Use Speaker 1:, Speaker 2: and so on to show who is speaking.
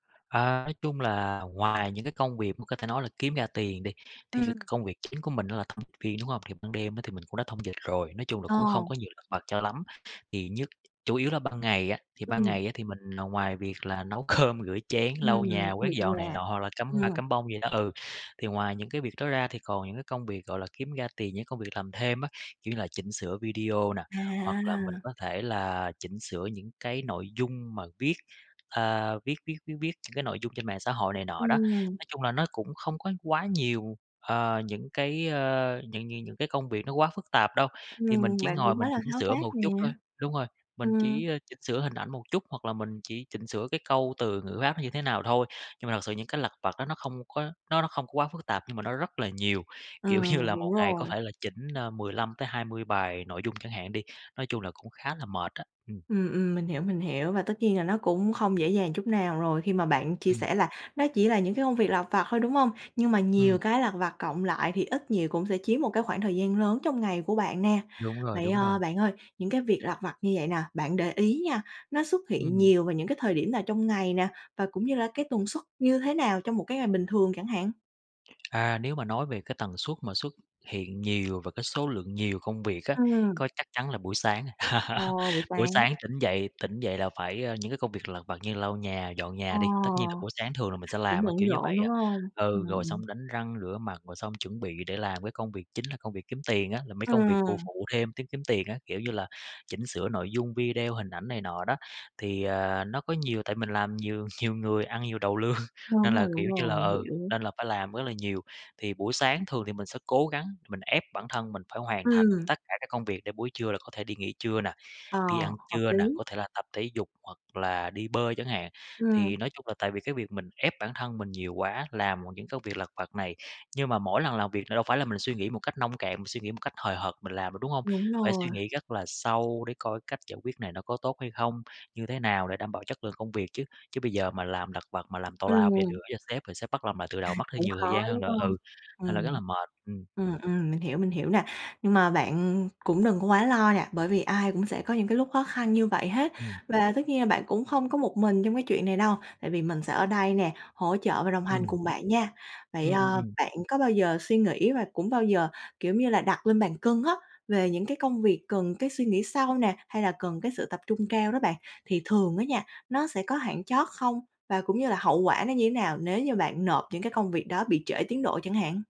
Speaker 1: À, nói chung là ngoài những cái công việc mà có thể nói là kiếm ra tiền đi, thì c cái
Speaker 2: Ừm.
Speaker 1: công việc chính của mình đó là thông viên, đúng hông? Thì ban đêm á, thì mình cũng đã thông dịch rồi, nói chung là
Speaker 2: Ờ.
Speaker 1: cũng không có nhiều lặt vặt cho lắm, thì nhứt chủ yếu là ban ngày á, thì ban
Speaker 2: Ừm.
Speaker 1: ngày á, thì mình là ngoài việc là nấu cơm, rửa chén, lau
Speaker 2: Ừm,
Speaker 1: nhà quét
Speaker 2: việc
Speaker 1: dọn này
Speaker 2: nhà,
Speaker 1: nọ rồi cắm hoa,
Speaker 2: ừm.
Speaker 1: cắm bông vậy đó, ừ. Thì ngoài những cái việc đó ra thì còn những cái công việc, gọi là, kiếm ra tiền, những công việc làm thêm á, kiểu như là chỉnh sửa video nè, hoặc là mình
Speaker 2: À.
Speaker 1: có thể là chỉnh sửa những cái nội dung mà viết, a, viết viết viết viết những cái nội dung trên mạng xã hội này nọ đó.
Speaker 2: Ừm.
Speaker 1: Nói chung là nó cũng không có quá nhiều, ờ, những cái, ơ, những những những cái công việc nó quá phức tạp đâu, thì mình
Speaker 2: Ừm,
Speaker 1: chỉ
Speaker 2: bạn
Speaker 1: ngồi
Speaker 2: cũng quá
Speaker 1: mình
Speaker 2: là
Speaker 1: chỉnh
Speaker 2: tháo
Speaker 1: sửa một
Speaker 2: vát nè.
Speaker 1: chút thôi, đúng rồi, mình
Speaker 2: Ừm.
Speaker 1: chỉ, ơ, chỉnh sửa hình ảnh một chút, hoặc là mình chỉ chỉnh sửa cái câu từ ngữ áp nó như thế nào thôi, nhưng mà thật sự những cái lặt vặt đó nó không có, nó nó không có quá phức tạp nhưng mà nó rất là nhiều, kiểu như
Speaker 2: Ừm,
Speaker 1: là,
Speaker 2: đúng
Speaker 1: một ngày có
Speaker 2: rồi.
Speaker 1: thể là chỉnh, a, 15-20 bài nội dung chẳng hạn đi, nói chung là cũng khá là mệt á, ừm.
Speaker 2: Ừm, ừm, mình hiểu, mình hiểu và tất nhiên là nó cũng không dễ dàng chút nào rồi khi mà bạn chia
Speaker 1: Ừm.
Speaker 2: sẻ là nó chỉ là những cái công việc lặt vặt thôi, đúng hông? Nhưng mà nhiều
Speaker 1: Ừm.
Speaker 2: cái lặt vặt cộng lại thì ít nhiều cũng sẽ chiếm một cái khoảng thời gian lớn trong ngày của bạn nè.
Speaker 1: Đúng rồi,
Speaker 2: Vậy,
Speaker 1: đúng rồi.
Speaker 2: ờ, bạn ơi, những cái việc lặt vặt như vậy nè, bạn để ý nha, nó xuất hiện
Speaker 1: Ừm.
Speaker 2: nhiều vào những cái thời điểm nào trong ngày nè? Và cũng như là cái tần suất như thế nào trong một cái ngày bình thường chẳng hạn?
Speaker 1: À, nếu mà nói về cái tần suất mà xuất hiện nhiều và cái số lượng nhiều công việc á,
Speaker 2: Ừm.
Speaker 1: có chắc chắn là buổi sáng rồi,
Speaker 2: Ồ, buổi
Speaker 1: buổi
Speaker 2: sáng.
Speaker 1: sáng tỉnh dậy tỉnh dậy là phải, ờ, những cái công việc lặt vặt như lau nhà, dọn
Speaker 2: Ờ,
Speaker 1: nhà đi, tất nhiên là buổi sáng thường là mình sẽ
Speaker 2: cũng
Speaker 1: làm á,
Speaker 2: bận
Speaker 1: kiểu như
Speaker 2: rộn,
Speaker 1: vậy
Speaker 2: đúng
Speaker 1: á,
Speaker 2: hông? Ờ,
Speaker 1: ừ, rồi
Speaker 2: ừm.
Speaker 1: xong đánh răng rửa mặt, rồi xong chuẩn bị để làm cái công việc chính là công việc kiếm tiền á, là mấy công việc phụ
Speaker 2: Ừm.
Speaker 1: phụ thêm kiếm kiếm tiền á, kiểu như là chỉnh sửa nội dung video, hình ảnh này nọ đó, thì, à, nó có nhiều, tại mình làm nhiều, nhiều người ăn nhiều đầu lương, nên
Speaker 2: Đúng
Speaker 1: là,
Speaker 2: rồi, đúng
Speaker 1: kiểu như
Speaker 2: rồi,
Speaker 1: là,
Speaker 2: mình
Speaker 1: ừ,
Speaker 2: hiểu.
Speaker 1: nên là phải làm rất là nhiều. Thì buổi sáng thường thì mình sẽ cố gắng, mình ép bản thân mình phải hoàn thành
Speaker 2: Ừm.
Speaker 1: tất cả các công việc để buổi trưa là có thể đi nghỉ trưa nè,
Speaker 2: Ờ,
Speaker 1: đi ăn
Speaker 2: hợp
Speaker 1: trưa nè,
Speaker 2: lý.
Speaker 1: có thể là tập thể dục, hoặc là đi bơi chẳng hạn,
Speaker 2: Ừm.
Speaker 1: thì nói chung là tại vì cái việc mình ép bản thân mình nhiều quá, làm [unintelligible] những công việc lặt vặt này, nhưng mà mỗi lần làm việc là đâu phải là mình suy nghĩ một cách nông cạn, mình suy nghĩ một cách hời hợt mình làm được, đúng hông?
Speaker 2: Đúng
Speaker 1: Phải
Speaker 2: rồi.
Speaker 1: suy nghĩ rất là sâu để coi cách giải quyết này nó có tốt hay không? Như thế nào để đảm bảo chất lượng công việc chứ, chứ bây giờ mà làm lặt vặt mà làm tào lao rồ
Speaker 2: Ừm.
Speaker 1: gửi cho sếp rồi sếp bắt làm lại từ đầu mất thêm
Speaker 2: Cũng
Speaker 1: nhiều
Speaker 2: khó,
Speaker 1: thời gian hơn
Speaker 2: đúng
Speaker 1: nữa,
Speaker 2: không?
Speaker 1: ừ, thành ra rất
Speaker 2: Ừm,
Speaker 1: là mệt, ừm.
Speaker 2: ừm, ừm, mình hiểu, mình hiểu nè, nhưng mà bạn cũng đừng có quá lo nè, bởi vì ai cũng sẽ có những cái lúc khó khăn như vậy hết
Speaker 1: Ừm.
Speaker 2: và tất nhiên là bạn cũng không có một mình trong cái chuyện này đâu tại vì mình sẽ ở đây nè, hỗ trợ và đồng hành
Speaker 1: Ừm.
Speaker 2: cùng bạn nha. Vậy,
Speaker 1: Ừm, ừm,
Speaker 2: ờ,
Speaker 1: ừm.
Speaker 2: bạn có bao giờ suy nghĩ và cũng bao giờ, kiểu giống như là, đặt lên bàn cân á, về những cái công việc cần cái suy nghĩ sâu nè, hay là cần cái sự tập trung cao đó bạn thì thường á nha, nó sẽ có hạn chót không? Và cũng như là hậu quả nó như thế nào nếu như bạn nộp những cái công việc đó bị trễ tiến độ chẳng hạn?